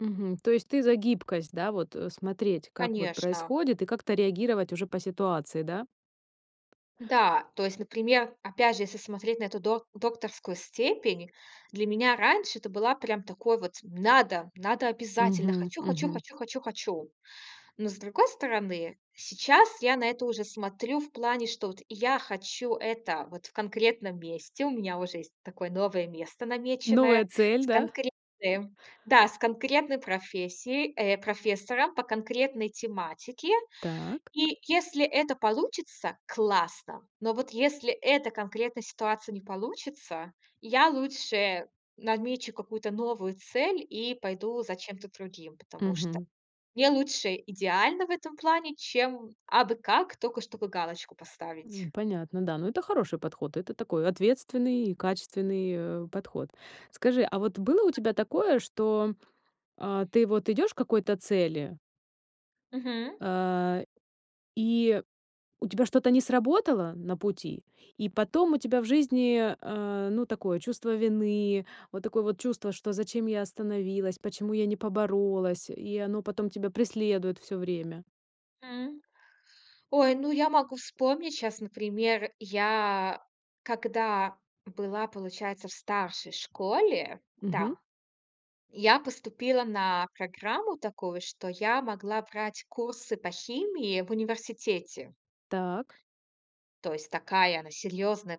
Мгм, то есть ты за гибкость, да, вот, э, смотреть, как вот Конечно. происходит и как-то реагировать уже по ситуации, да? Да, то есть, например, опять же, если смотреть на эту док докторскую степень, для меня раньше это была прям такой вот: "Надо, надо обязательно! Мгм Хочу хочу мгм. хочу хочу хочу!" Но, с другой стороны, сейчас я на это уже смотрю в плане, что вот я хочу это вот в конкретном месте. У меня уже есть такое новое место намеченное Новая с цель, да? конкретным, да, с конкретной профессией, э, профессора, по конкретной тематике. Так. И если это получится- классно. Но вот если эта конкретная ситуация не получится, я лучше намечу какую-то новую цель, и пойду за чем-то другим. Потому что Мгм. мне лучше идеально в этом плане, чем абы как, тока чтобы галочку поставить. М, понятно, да. Но это хороший подход, это такой, ответственный и качественный, э, подход. Скажи, а вот было у тебя такое, что, а, ты вот идёшь к какой-то цели Мгм. а, и у тебя что-то не сработало на пути, и потом у тебя в жизни, а, ну, такое чувство вины, вот такое вот чувство, что зачем я остановилась, почему я не поборолась? И оно потом тебя преследует всё время. М, ой, ну я могу вспомнить щас, например, я когда была, получается, в старшей школе, Мгм. да, я поступила на программу такую, что я могла брать курсы по химии в университете. Так. То есть такая она серьёзная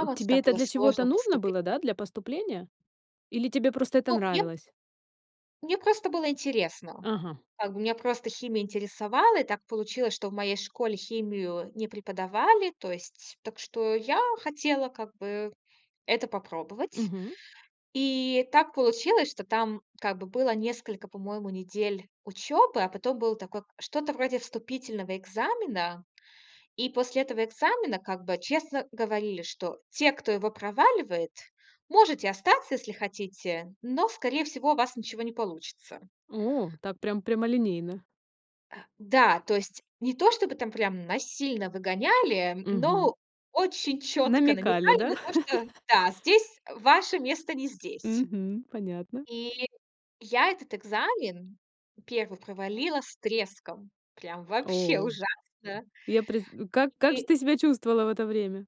М, Туда тебе это было для чего-то сложно нужно поступи было, да? Для поступления? Или тебе просто это Ну, мне нравилось? мне просто было интересно. Ага. Как бы меня просто химия интересовала. И так получилось, что в моей школе химию не преподавали. То есть, так что я хотела как бы это попробовать. Мгм. И так получилось, что там как бы было несколько, по-моему, недель учебы, а потом было такое к что-то вроде вступительного экзамена. И после этого экзамена как бы честно говорили, что те, кто его проваливает, можете остаться, если хотите, но, скорее всего, у вас ничего не получится. О, так прям прямолинейно. А, да, то есть не то чтобы там прям насильно выгоняли, Мгм. но очень четко Намекали, намекали да? на то, что да, здесь, э, ваше место не здесь. Мгм, понятно. Или я этот экзамен, 1, провалила с треском. Прям вообще О, ужасно! я предс как как же И ты себя чувствовала в это время?